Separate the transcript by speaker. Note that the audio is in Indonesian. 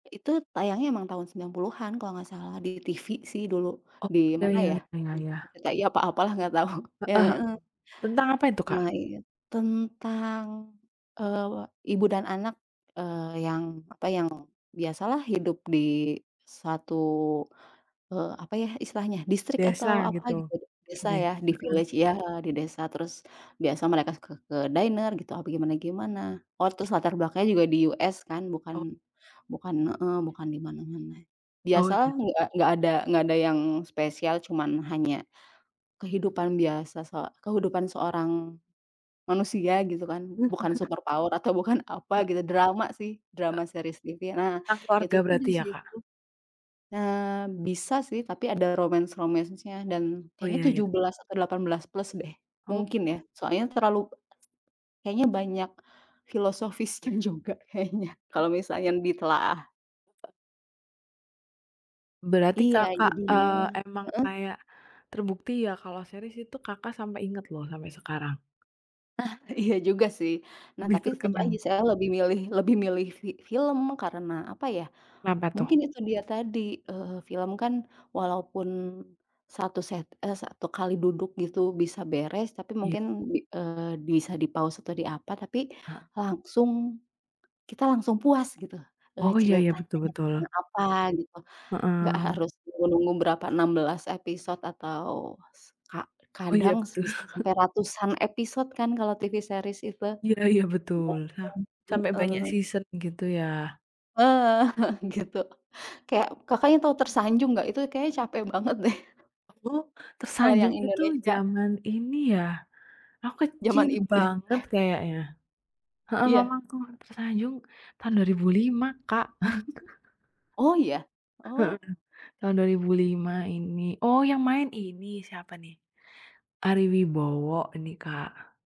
Speaker 1: Itu tayangnya memang tahun 90-an kalau nggak salah di TV sih dulu.
Speaker 2: Oh
Speaker 1: Di
Speaker 2: ya
Speaker 1: mana ya,
Speaker 2: ya ya
Speaker 1: di
Speaker 2: ya.
Speaker 1: RCTI atau apalah nggak tau ya,
Speaker 2: Heeh,
Speaker 1: heeh.
Speaker 2: tentang apa itu,
Speaker 1: Nah,
Speaker 2: Kak?
Speaker 1: iya tentang, eee, ibu dan anak, eee, yang apa, yang biasalah hidup di satu, eee, apa ya istilahnya distrik
Speaker 2: Desa
Speaker 1: atau apa gitu,
Speaker 2: gitu?
Speaker 1: desa
Speaker 2: De
Speaker 1: ya, di
Speaker 2: heeh.
Speaker 1: village ya, di desa. Terus biasa mereka ke ke dinner gitu apa gimana gimana. Oh, terus latar belakangnya juga di US kan, bukan
Speaker 2: Oh.
Speaker 1: bukan heeh, bukan di mana-mana.
Speaker 2: Oh,
Speaker 1: Biasalah
Speaker 2: iya.
Speaker 1: nggak nggak ada nggak ada yang spesial, cuma hanya kehidupan biasa se kehidupan seorang manusia gitu kan, bukan superpower atau bukan apa
Speaker 2: He
Speaker 1: gitu. Drama sih, drama
Speaker 2: Heeh.
Speaker 1: series TV nah,
Speaker 2: Tentang
Speaker 1: itu
Speaker 2: keluarga
Speaker 1: tuh di
Speaker 2: berarti ya, Kak?
Speaker 1: situ eee, bisa sih, tapi ada romance-romance-nya dan
Speaker 2: Oh
Speaker 1: kayaknya
Speaker 2: iya iya.
Speaker 1: 17 atau 18+ deh
Speaker 2: Oh.
Speaker 1: mungkin ya, soalnya terlalu be ese kayaknya banyak filosofisnya juga kayaknya kalau misalnya ditelaah.
Speaker 2: Berarti
Speaker 1: Iya
Speaker 2: Kakak,
Speaker 1: jadinya
Speaker 2: eee, emang
Speaker 1: heeh.
Speaker 2: kayak terbukti ya, kalau series itu Kakak sampai ingat loh sampai sekarang.
Speaker 1: Ah, iya juga sih. Nah,
Speaker 2: Lebih
Speaker 1: tapi tetap lagi
Speaker 2: terkenang.
Speaker 1: saya lebih milih lebih milih fi film karena apa ya,
Speaker 2: Kenapa tuh?
Speaker 1: mungkin itu dia tadi, eee, film kan walaupun satu se eee, satu kali duduk gitu bisa beres, tapi
Speaker 2: Iya.
Speaker 1: mungkin bi eee, bisa di-pause atau diapa tapi
Speaker 2: Heeh.
Speaker 1: langsung, kita langsung puas gitu, eee,
Speaker 2: Oh iya iya,
Speaker 1: ceritanya
Speaker 2: betul
Speaker 1: tentang
Speaker 2: betul.
Speaker 1: apa gitu, nggak
Speaker 2: Heeh.
Speaker 1: harus nunggu-nunggu berapa 16 episode atau s ka
Speaker 2: Oh iya
Speaker 1: kadang
Speaker 2: betul.
Speaker 1: bisa sampai ratusan episode kan kalau TV series itu
Speaker 2: Iya iya betul,
Speaker 1: panjang,
Speaker 2: ah. Sampai banyak
Speaker 1: heeh.
Speaker 2: season gitu ya.
Speaker 1: Heeh, gitu. Kayak, Kakaknya tau "Tersanjung" nggak? Itu kayaknya capek banget deh.
Speaker 2: Aduh
Speaker 1: Kalau yang
Speaker 2: "Tersanjung" itu
Speaker 1: Indonesia.
Speaker 2: zaman ini ya. Aku
Speaker 1: Zaman
Speaker 2: kecil
Speaker 1: ibu ya.
Speaker 2: banget kayaknya. Heeh,
Speaker 1: Iya.
Speaker 2: mamaku "Tersanjung" tahun 2005, Kak.
Speaker 1: Oh, ya?
Speaker 2: Heeh,
Speaker 1: Oh.
Speaker 2: tahun 2005 ini, oh yang main ini siapa nih? Ari Wibowo ini, Kak.